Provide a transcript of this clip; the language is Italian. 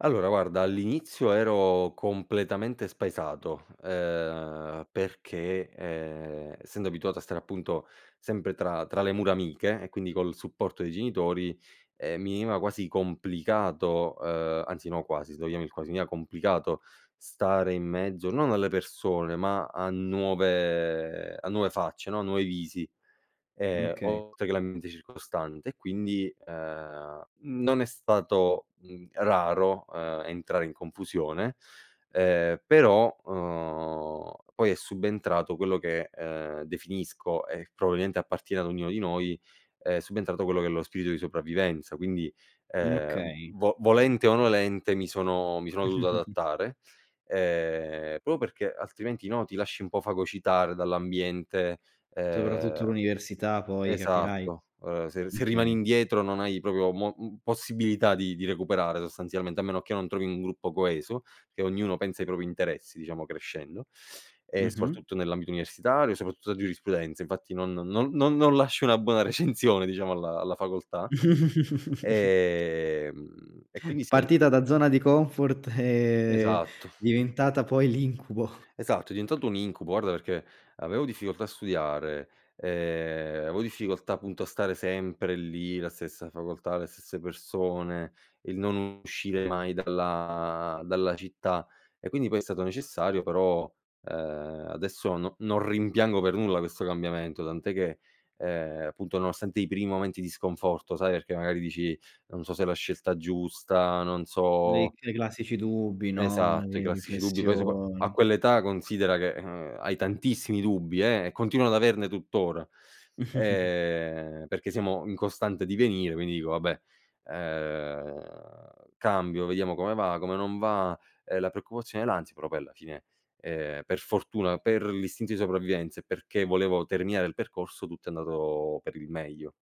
Allora guarda, all'inizio ero completamente spaesato, uhm, perché, ehm, essendo abituato a stare appunto, sempre tra tra le mura amiche e quindi col supporto dei genitori, ehm, mi veniva quasi complicato uhm, anzi no quasi se vogliamo il quasi, mi era complicato stare in mezzo, non alle persone, ma a nuove a nuove facce, no, nuovi visi, Mh, ehm, okay. oltre che l'ambiente circostante. E quindi, ehm, non è stato, mhmm, raro, uhm, entrare in confusione, ehm, però, uhm, poi è subentrato quello che, ehm, definisco e probabilmente appartiene ad ognuno di noi, è subentrato quello che è lo spirito di sopravvivenza. Quindi, Mh, ehm, okay. v volente o nolente, mi sono mi sono dovuto adattare, ehm, proprio perché, altrimenti, no, ti lasci un po' fagocitare dall'ambiente, Soprattutto ehm l'università poi capirai, esatto, ehm, se mh, se rimani okay. indietro non hai proprio mo possibilità di di recuperare sostanzialmente, a meno che non trovi un gruppo coeso, che ognuno pensa ai propri interessi diciamo, crescendo e Mh-mh. soprattutto nell'ambito universitario, soprattutto a giurisprudenza, infatti, non non non non lasci una buona recensione, diciamo, alla alla facoltà, ehm, e quindi sì, al Partita da zona di comfort, e è Esatto. diventata poi l'incubo. Esatto, è diventato un incubo, guarda perché avevo difficoltà a studiare, ehm, avevo difficoltà appunto a stare sempre lì, la stessa facoltà, le stesse persone; il non uscire mai dalla dalla città, e quindi poi è stato necessario però, uhm, adesso no non rimpiango per nulla questo cambiamento, tant'è che, ehm, appunto nonostante i primi momenti di sconforto, sai, perché magari dici: "Non so se è la scelta giusta, non Dei so" dei classici dubbi, no, Esatto, i le classici dubbi poi sopra a riflessioni. quell'età considera che, uhm, hai tantissimi dubbi, eh e continuano ad averne tuttora, ehm, perché siamo in costante divenire, quindi dico: "Vabbè, uhm, cambio vediamo come va, come non va;" ehm, la preoccupazione e l'ansia però poi alla fine, ehm, per fortuna, per l'istinto di sopravvivenza, e perché volevo terminare il percorso, tutto è andato per il meglio.